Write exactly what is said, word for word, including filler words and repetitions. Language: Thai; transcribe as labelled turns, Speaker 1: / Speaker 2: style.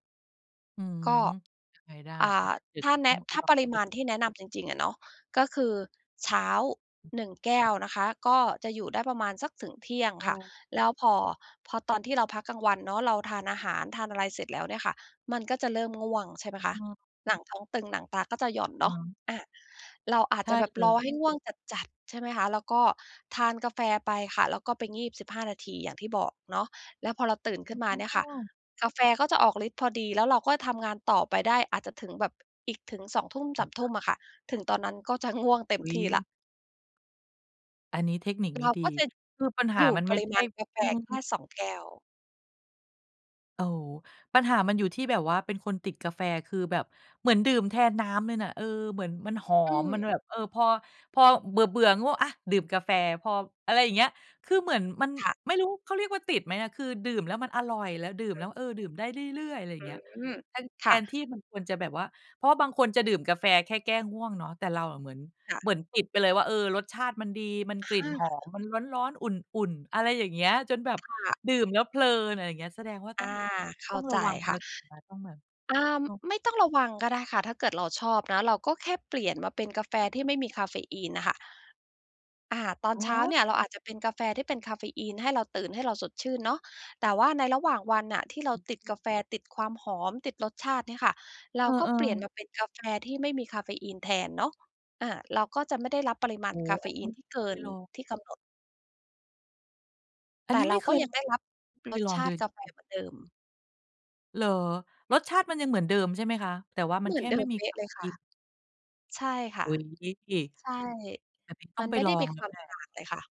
Speaker 1: อืม
Speaker 2: ก็
Speaker 1: ยังไงได้
Speaker 2: อ่า
Speaker 1: เดี๋ย
Speaker 2: ถ
Speaker 1: ว
Speaker 2: ้
Speaker 1: จะ
Speaker 2: าแน
Speaker 1: ต้อ
Speaker 2: ะ
Speaker 1: ง
Speaker 2: ถ้า
Speaker 1: ลอ
Speaker 2: ป
Speaker 1: ง
Speaker 2: ริ
Speaker 1: ด
Speaker 2: ม
Speaker 1: ู
Speaker 2: าณที่แนะนำจริง ๆ อะเนาะ ก็คือเช้า หนึ่ง แก้วนะคะ ก็จะอยู่ได้ประมาณสักถึงเที่ยง
Speaker 1: เ
Speaker 2: ค่ะ
Speaker 1: ออ
Speaker 2: แล้วพอ พอตอนที่เราพักกลางวันเนาะ เราทานอาหารทานอะไรเสร็จแล้วเนี่ยค่ะ มันก็จะเริ่มง่วง ใช่ไหมคะ
Speaker 1: เออ
Speaker 2: หนังท้องตึงหนังตาก็จะหย่อน
Speaker 1: อ
Speaker 2: เน
Speaker 1: ่
Speaker 2: าะ
Speaker 1: า
Speaker 2: อา เราอา
Speaker 1: ใ
Speaker 2: จ
Speaker 1: ช
Speaker 2: จ
Speaker 1: ่
Speaker 2: ะแบบ
Speaker 1: เล
Speaker 2: รอให้
Speaker 1: ย
Speaker 2: ง่วงจัด ๆ ใช่ไหมคะ แล้วก็ทานกาแฟไปค่ะ แล้วก็ไปงีบ สิบห้า นาที อย่างที่บอกเนาะ แล้วพอเราตื่นขึ้นมาเนี่ย
Speaker 1: อ๋
Speaker 2: ค่ะ
Speaker 1: อ
Speaker 2: กาแฟเขาจะออกฤทธิ์พอดี แล้วเราก็ทำงานต่อไปได้ อาจจะถึงแบบ อีกถึง สองทุ่มสามทุ่ม อะค่ะ ถึงตอนนั้นก็จะง่วงเต็
Speaker 1: อ
Speaker 2: ม
Speaker 1: ุ๊
Speaker 2: ที่แล
Speaker 1: ย
Speaker 2: ้ว
Speaker 1: อันนี้เทคนิคน
Speaker 2: เ
Speaker 1: ี
Speaker 2: ร
Speaker 1: ้
Speaker 2: า
Speaker 1: ดี
Speaker 2: ก็จะ
Speaker 1: คือปัญห
Speaker 2: อ
Speaker 1: า
Speaker 2: ยู่
Speaker 1: มันไ
Speaker 2: ป
Speaker 1: ม่
Speaker 2: ริ
Speaker 1: ใช
Speaker 2: ม
Speaker 1: ่
Speaker 2: าณกาแฟ
Speaker 1: อื
Speaker 2: แค่
Speaker 1: ม
Speaker 2: สอง แก้ว
Speaker 1: โอ้โฮ ปัญหามันอยู่ที่แบบว่าเป็นคนติดกาแฟ คือแบบเหมือนดื่มแทนน้ำเลยน่ะ เออ เหมือนมันหอ
Speaker 2: อื
Speaker 1: ม มัน
Speaker 2: ม
Speaker 1: อะแบบ เออ พอ พอเบื่อ ๆ ง่วง อา ดื่มกาแฟ พอ อะไรอย่างเงี้ย คือเหมือนมัน
Speaker 2: ค่ะ
Speaker 1: ไม่รู้เขาเรียกว่าติดไหมอะ คือดื่มแล้วมันอร่อย แล้วดื่มแล้ว เออ ดื่มได้เรื่อย ๆ อะไรอย่างเงี้ย
Speaker 2: อือ
Speaker 1: แทน แท
Speaker 2: ค่ะ
Speaker 1: นที่มันควรจะแบบว่า เพราะว่าบางคนจะดื่มกาแฟแค่แก้ง่วงเนาะ แต่เราอะเหมือน
Speaker 2: ค่ะ
Speaker 1: เหมือนติดไปเลยว่า เออ รสชาติมันดี มัน
Speaker 2: อ
Speaker 1: ก
Speaker 2: ะ
Speaker 1: ลิ
Speaker 2: ฮ
Speaker 1: ่นหอม
Speaker 2: ะ
Speaker 1: มันร้อน ๆ อุ่น ๆ อะไรอย่างเงี้ย จนแบบ
Speaker 2: ค่ะ
Speaker 1: ดื่มแล้วเพลิน อะไรอย่างเงี้ย แสดงว่า
Speaker 2: อ
Speaker 1: ต้
Speaker 2: า
Speaker 1: อง
Speaker 2: เข้
Speaker 1: ต้
Speaker 2: า
Speaker 1: องร
Speaker 2: ใจ
Speaker 1: ะวัง
Speaker 2: ค
Speaker 1: แล
Speaker 2: ่
Speaker 1: ้
Speaker 2: ะ
Speaker 1: ว ติดไหมต้องมา
Speaker 2: อา ไม่ต้องระวังก็ได้ค่ะ ถ้าเกิดเราชอบนะ เราก็แค่เปลี่ยนมาเป็นกาแฟ
Speaker 1: อะ
Speaker 2: ที
Speaker 1: ฮ
Speaker 2: ่ไม
Speaker 1: ะ
Speaker 2: ่มีกาเฟอีนน่ะค่ะ อา ตอน
Speaker 1: ฮ
Speaker 2: เช้า
Speaker 1: ะ!
Speaker 2: เนี่ย เราอาจจะเป็นกาแฟที่เป็นกาเฟอีน ให้เราตื่น ให้เราสดชื่นเนาะ แต่ว่าในระหว่างวันน่ะ ที่เรา
Speaker 1: อ
Speaker 2: ติด
Speaker 1: ื
Speaker 2: ก
Speaker 1: ม
Speaker 2: าแฟ ติดความหอม ติดรสชาติเนี่ยค่ะ เร
Speaker 1: เอ
Speaker 2: า
Speaker 1: อ
Speaker 2: ก็เปลี่ยน
Speaker 1: ๆ
Speaker 2: มาเป็นกาแฟ ที่ไม่มีกาเฟอีนแทนเนาะ อา เราก็จะไม่ได้รับปริมา
Speaker 1: โอ
Speaker 2: ณ
Speaker 1: ้โ
Speaker 2: ก
Speaker 1: ฮ
Speaker 2: าเฟ
Speaker 1: อัน
Speaker 2: อ
Speaker 1: น
Speaker 2: ี
Speaker 1: ี
Speaker 2: น
Speaker 1: ้
Speaker 2: ที่เก
Speaker 1: ค
Speaker 2: ิ
Speaker 1: ือ
Speaker 2: น
Speaker 1: เรา
Speaker 2: ที่กำหนด
Speaker 1: อั
Speaker 2: แต
Speaker 1: นน
Speaker 2: ่
Speaker 1: ี้
Speaker 2: เ
Speaker 1: ไ
Speaker 2: ร
Speaker 1: ม
Speaker 2: า
Speaker 1: ่เค
Speaker 2: ก็
Speaker 1: ย
Speaker 2: ยังได้รับ
Speaker 1: ไม่เค
Speaker 2: ร
Speaker 1: ย
Speaker 2: ส
Speaker 1: ลอ
Speaker 2: ช
Speaker 1: งเ
Speaker 2: า
Speaker 1: ล
Speaker 2: ติ
Speaker 1: ย
Speaker 2: กาแฟ
Speaker 1: จริง ๆ
Speaker 2: เหมือนเดิม
Speaker 1: เหรอ? รสชาติมันยังเหมือนเดิมใช่ไหมคะ? แต่ว่าม
Speaker 2: เ
Speaker 1: ั
Speaker 2: หม
Speaker 1: น
Speaker 2: ื
Speaker 1: แค
Speaker 2: อน
Speaker 1: ่
Speaker 2: เด
Speaker 1: ไ
Speaker 2: ิ
Speaker 1: ม่
Speaker 2: ม
Speaker 1: มี
Speaker 2: เป๊
Speaker 1: ก
Speaker 2: ะ
Speaker 1: า
Speaker 2: เล
Speaker 1: เฟ
Speaker 2: ยค
Speaker 1: อ
Speaker 2: ่
Speaker 1: ี
Speaker 2: ะ
Speaker 1: น
Speaker 2: ใช่ค่
Speaker 1: อ
Speaker 2: ะ
Speaker 1: ุ๊ย
Speaker 2: ใช่
Speaker 1: แบบนี้ต้
Speaker 2: ม
Speaker 1: อ
Speaker 2: ั
Speaker 1: ง
Speaker 2: น
Speaker 1: ไป
Speaker 2: ไม่
Speaker 1: ล
Speaker 2: ได้
Speaker 1: อ
Speaker 2: มี
Speaker 1: งแ
Speaker 2: ค
Speaker 1: ล้
Speaker 2: ว
Speaker 1: ว
Speaker 2: าม
Speaker 1: แหล
Speaker 2: ต
Speaker 1: ะ
Speaker 2: ่างเลยค่ะ